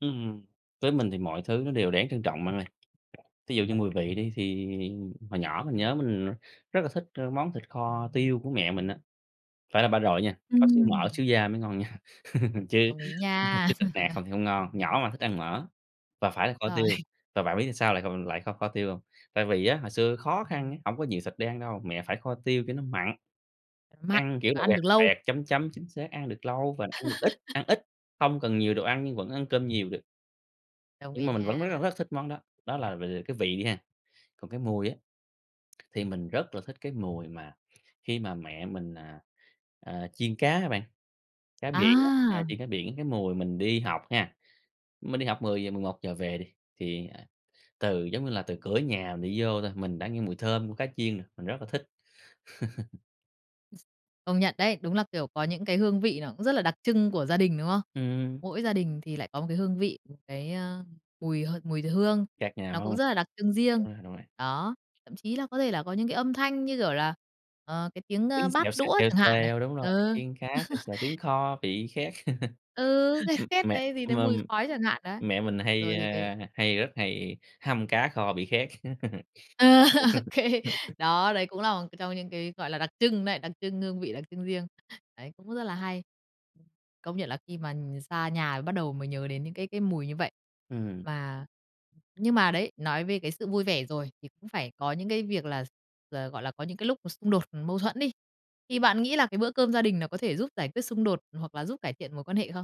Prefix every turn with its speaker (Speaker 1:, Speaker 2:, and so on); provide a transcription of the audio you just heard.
Speaker 1: Ừm, với mình thì mọi thứ nó đều đáng trân trọng bạn ơi. Thí dụ như mùi vị đi, thì hồi nhỏ mình nhớ mình rất là thích, ơ, món thịt kho tiêu của mẹ mình á. Phải là ba rọi nha, có xíu mỡ
Speaker 2: Ừm.
Speaker 1: xíu da mới ngon nha, chứ
Speaker 2: Đồng ý nha.
Speaker 1: chứ thịt nạc không thì không ngon, nhỏ mà thích ăn mỡ, và phải là kho
Speaker 2: Rồi.
Speaker 1: tiêu. Và bạn biết sao lại còn mình lại kho kho tiêu hông? Tại vì á, hồi xưa khó khăn á, hổng có nhiều thịt để ăn đâu. Mẹ phải kho tiêu cho nó mặn,
Speaker 2: Mặn
Speaker 1: ăn, kiểu
Speaker 2: và
Speaker 1: là,
Speaker 2: ăn
Speaker 1: quẹt
Speaker 2: được lâu.
Speaker 1: quẹt chấm chấm, chính xác, ăn được lâu và ăn được ít ăn ít, không cần nhiều đồ ăn nhưng vẫn ăn cơm nhiều được.
Speaker 2: Đồng
Speaker 1: Nhưng
Speaker 2: ý
Speaker 1: mà mình vẫn rất là
Speaker 2: nha.
Speaker 1: rất thích món đó. Đó là về về cái vị đi ha, còn cái mùi á, thì mình rất là thích cái mùi mà khi mà mẹ mình, à, ờ, chiên cá á bạn, cá biển á,
Speaker 2: À!
Speaker 1: chiên cá biển. Cái mùi mình đi học ha, mình đi học 10:00-11:00 về đi, thì, à, từ giống như là từ cửa nhà mình đi vô thôi, mình đã nghe mùi thơm của cá chiên rồi. Mình rất là thích.
Speaker 2: Công nhận đấy. Đúng là, kiểu, có những cái hương vị nó cũng rất là đặc trưng của gia đình, đúng không?
Speaker 1: Ừm.
Speaker 2: Mỗi gia đình thì lại có một cái hương vị, một cái, ơ, mùi h mùi hương,
Speaker 1: Cạc nhà
Speaker 2: nó cũng
Speaker 1: hông?
Speaker 2: rất là đặc trưng riêng.
Speaker 1: Đúng rồi.
Speaker 2: Đó, thậm chí là có thể là có những cái âm thanh như, kiểu, là, ờ, cái tiếng, ơ,
Speaker 1: Tiếng
Speaker 2: bát
Speaker 1: xèo, xèo,
Speaker 2: đũa
Speaker 1: xèo,
Speaker 2: chẳng hạn này.
Speaker 1: xèo, đúng rồi.
Speaker 2: Ừ.
Speaker 1: Tiếng chiên cá xèo xèo, tiếng kho bị khét.
Speaker 2: Ừ, cái
Speaker 1: Ừm,
Speaker 2: khét
Speaker 1: mẹ
Speaker 2: đấy, gì đấy
Speaker 1: mà,
Speaker 2: mùi
Speaker 1: ừm,
Speaker 2: khói chẳng hạn, đấy.
Speaker 1: mẹ mình hay,
Speaker 2: Rồi thì cái
Speaker 1: ơ, hay rất hay hâm cá kho bị khét.
Speaker 2: Ờ,
Speaker 1: Dộp luôn.
Speaker 2: OK. Đó, đấy cũng là một trong những cái, gọi là, đặc trưng đấy, đặc trưng hương vị đặc trưng riêng. Đấy cũng rất là hay. Công nhận là khi mà, ừ, xa nhà bắt đầu mới nhớ đến những cái cái mùi như vậy.
Speaker 1: Ừm.
Speaker 2: Mà nhưng mà đấy, nói về cái sự vui vẻ rồi, thì cũng phải có những cái việc là x ờ, gọi là, có những cái lúc mà xung đột mâu thuẫn đi. Thì bạn nghĩ là cái bữa cơm gia đình nó có thể giúp giải quyết xung đột, hoặc là giúp cải thiện mối quan hệ không?